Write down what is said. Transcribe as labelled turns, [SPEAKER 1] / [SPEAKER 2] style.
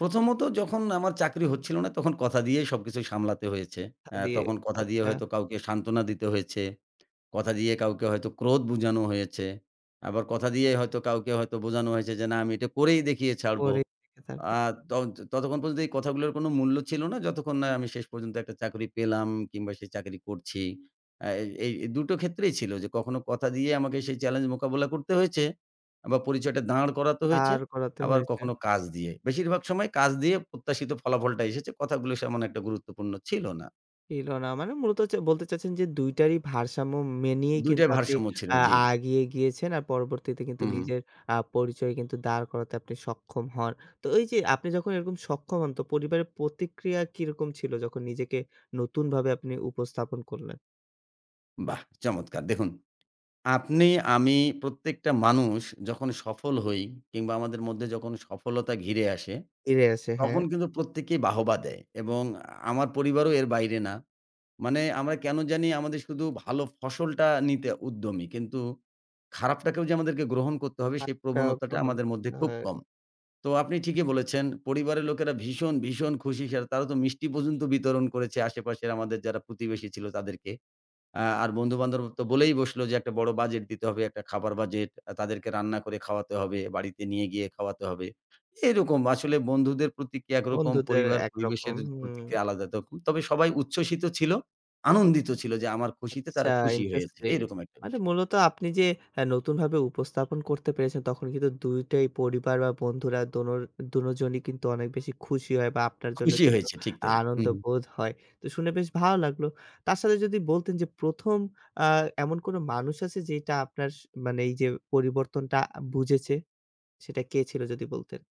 [SPEAKER 1] প্রথমত যখন আমার চাকরি হচ্ছিল না তখন কথা দিয়েই সবকিছু সামলাতে হয়েছে।
[SPEAKER 2] হ
[SPEAKER 1] আ
[SPEAKER 2] দিয়ে
[SPEAKER 1] তখন কথা দিয়ে
[SPEAKER 2] আচ্ছা।
[SPEAKER 1] হয়তো কাউকে সান্ত্বনা দিতে হয়েছে, কথা দিয়ে কাউকে হয়তো ক্রোধ বোঝানো হয়েছে, আবার কথা দিয়েই হয়তো কাউকে হয়তো বোঝানো হয়েছে যে না আমি এটা করেই দেখিয়ে ছাড়বো।
[SPEAKER 2] পরে থেকে থাকে,
[SPEAKER 1] আর
[SPEAKER 2] হু।
[SPEAKER 1] তন ততক্ষণ পর্যন্ত এই কথাগুলোর কোনো মূল্য ছিল না যতক্ষণ না আমি শেষ পর্যন্ত একটা চাকরি পেলাম কিংবা সে চাকরি করছি। আ এই এই দুটো ক্ষেত্রেই ছিল যে কখনো কথা দিয়ে আমাকে সেই চ্যালেঞ্জ মোকাবিলা করতে হয়েছে আ বা পরিচয়টা দাঁড় করাতে হয়েছে
[SPEAKER 2] দাঁড় করাতে
[SPEAKER 1] আবার
[SPEAKER 2] হয়েছে।
[SPEAKER 1] কখনো কাজ দিয়ে। বেশিরভাগ সময় কাজ দিয়ে প্রত্যাশিত ফলাফলটা এসেছে কথাগুলো তেমন একটা গুরুত্বপূর্ণ ছিল না।
[SPEAKER 2] এল না মানে মূলত হচ্ছে বলতে চাইছেন যে, ২ টারই ভারসাম্য মেনেই
[SPEAKER 1] ২
[SPEAKER 2] কিন্তু
[SPEAKER 1] টাই
[SPEAKER 2] আপনি
[SPEAKER 1] ভারসাম্য ছিল,
[SPEAKER 2] আ
[SPEAKER 1] জি।
[SPEAKER 2] আগিয়ে গিয়েছেন আর পরবর্তীতে কিন্তু
[SPEAKER 1] হুম, হুম।
[SPEAKER 2] নিজের আ পরিচয় কিন্তু দাঁড় করাতে আপনি সক্ষম হন। তো ওইযে আপনি যখন এরকম সক্ষম হন তো পরিবারের প্রতিক্রিয়া কিরকম ছিল যখন নিজেকে নতুনভাবে আপনি উপস্থাপন করলেন?
[SPEAKER 1] বাহ! চমৎকার দেখুন আপনি আমি প্রত্যেকটা মানুষ যখন সফল হই কিংবা আমাদের মধ্যে যখন সফলতা ঘিরে আসে
[SPEAKER 2] এরে আছে,
[SPEAKER 1] তখন
[SPEAKER 2] হ্যাঁ।
[SPEAKER 1] কিন্তু প্রত্যেকেই বাহবা দেয় এবং আমার পরিবারও এর বাইরে না। মানে আমরা কেনো জানি আমাদের শুধু ভালো ফসলটা নিতে উদ্যমী কিন্তু খারাপটাকেও যে আমাদেরকে গ্রহণ করতে হবে সেই
[SPEAKER 2] সাধটা
[SPEAKER 1] প্রবণতাটা
[SPEAKER 2] গ্রহণ
[SPEAKER 1] আমাদের মধ্যে
[SPEAKER 2] করতে
[SPEAKER 1] খুব
[SPEAKER 2] হয়।
[SPEAKER 1] কম। তো আপনি ঠিকই বলেছেন পরিবারের লোকেরা ভীষণ, ভীষণ খুশি সেটা তারা তো মিষ্টি পর্যন্ত বিতরণ করেছে আশেপাশের আমাদের যারা প্রতিবেশী ছিল তাদেরকে। আ আর বন্ধু-বান্ধব তো বলেই বসলো যে একটা বড় বাজেট দিতে হবে, একটা খাবার বাজেট তাদেরকে রান্না করে খাওয়াতে হবে, বাড়িতে নিয়ে গিয়ে খাওয়াতে হবে। এরকম আসলে বন্ধুদের প্রতিক্রিয়া একরকম
[SPEAKER 2] বন্ধুদের
[SPEAKER 1] পরিবার পরিবেশের
[SPEAKER 2] একরকম হুম।
[SPEAKER 1] প্রতিক্রিয়া আলাদা তখন। তবে সবাই উচ্ছ্বসিত ছিল আনন্দিত ছিল যে আমার খুশিতে
[SPEAKER 2] আচ্ছা,
[SPEAKER 1] তারা খুশি হয়ে হয়েছে
[SPEAKER 2] ইন্টারেস্টিং
[SPEAKER 1] এরকম একটা
[SPEAKER 2] মানে
[SPEAKER 1] বিষয়।
[SPEAKER 2] মূলত আপনি যে আ নতুনভাবে উপস্থাপন করতে পেরেছেন তখন কিন্তু ২ টাই পরিবার বা বন্ধুরা দোনো দোনোজনই কিন্তু অনেক বেশি খুশি হয় বা আপনার জন্য
[SPEAKER 1] খুশি
[SPEAKER 2] কিন্তু
[SPEAKER 1] হয়েছে ঠিক তাই হুম,
[SPEAKER 2] আনন্দ
[SPEAKER 1] হুম।
[SPEAKER 2] বোধ হয়, তো শুনে বেশ ভালো লাগলো। তার সাথে যদি বলতেন যে ১ম আ এমন কোনো মানুষ আছে যেটা আপনার স মানে এইযে পরিবর্তনটা বুঝেছে, সেটা কে ছিল যদি বলতেন?